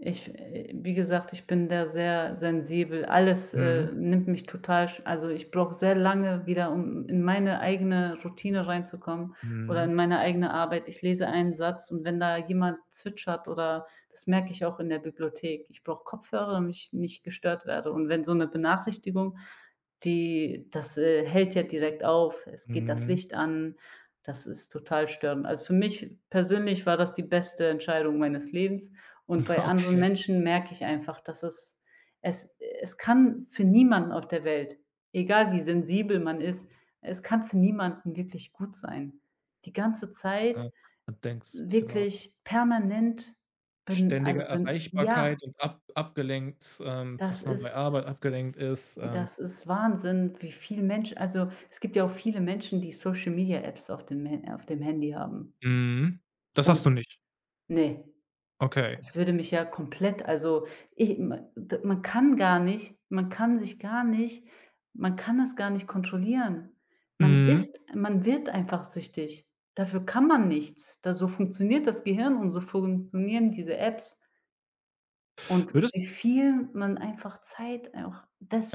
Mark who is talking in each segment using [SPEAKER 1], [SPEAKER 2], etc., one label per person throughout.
[SPEAKER 1] Ich äh, wie gesagt, ich bin da sehr sensibel. Alles, äh,
[SPEAKER 2] Mhm.
[SPEAKER 1] nimmt mich total sch also, ich brauche sehr lange wieder, um in meine eigene Routine reinzukommen oder
[SPEAKER 2] Mhm.
[SPEAKER 1] in meine eigene Arbeit. Ich lese einen Satz und wenn da jemand zwitschert oder das merke ich auch in der Bibliothek, ich brauche Kopfhörer, damit ich nicht gestört werde. Und wenn so 'ne Benachrichtigung, die das, äh, hält ja direkt auf, es geht das
[SPEAKER 2] Mhm.
[SPEAKER 1] Licht an, das ist total störend. Also, für mich persönlich war das die beste Entscheidung meines Lebens und bei anderen
[SPEAKER 2] Okay.
[SPEAKER 1] Menschen merke ich einfach, dass es es es kann für niemanden auf der Welt, egal wie sensibel man ist, es kann für niemanden wirklich gut sein. Die ganze Zeit
[SPEAKER 2] Ja, man denkt's, genau. Was ist
[SPEAKER 1] wirklich permanent ben
[SPEAKER 2] ständige
[SPEAKER 1] also, ben ja.
[SPEAKER 2] Erreichbarkeit und ab abgelenkt ähm,
[SPEAKER 1] Das
[SPEAKER 2] dass man bei
[SPEAKER 1] ist
[SPEAKER 2] Arbeit abgelenkt ist, ähm
[SPEAKER 1] das ist Wahnsinn, wie viel Mensch also, es gibt ja auch viele Menschen, die Social-Media-Apps auf dem Ha auf dem Handy haben.
[SPEAKER 2] Mhm. Das hast
[SPEAKER 1] Und
[SPEAKER 2] du nicht?
[SPEAKER 1] ne,
[SPEAKER 2] Okay.
[SPEAKER 1] das würde mich ja komplett, also, i m d man kann gar nicht man kann sich gar nicht man kann das gar nicht kontrollieren. Man
[SPEAKER 2] Mhm.
[SPEAKER 1] ist man wird einfach süchtig. Dafür kann man nichts. Da so funktioniert das Gehirn und so funktionieren diese Apps. Und
[SPEAKER 2] Würdest
[SPEAKER 1] wie viel man einfach Zeit auch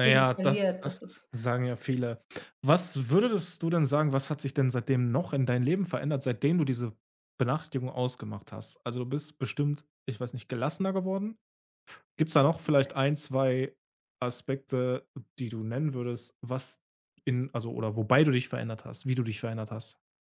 [SPEAKER 2] Ja, ja, das
[SPEAKER 1] verliert, das
[SPEAKER 2] das
[SPEAKER 1] ist
[SPEAKER 2] sagen ja viele. Was würdest du denn sagen, was hat sich denn seitdem noch in dein Leben verändert, seitdem du diese Benachrichtigung ausgemacht hast? Also, du bist bestimmt, ich weiß nicht, gelassener geworden. Gibt's da noch vielleicht 1, 2 Aspekte, die du nennen würdest, was in also, oder wobei du dich verändert hast, wie du dich verändert hast?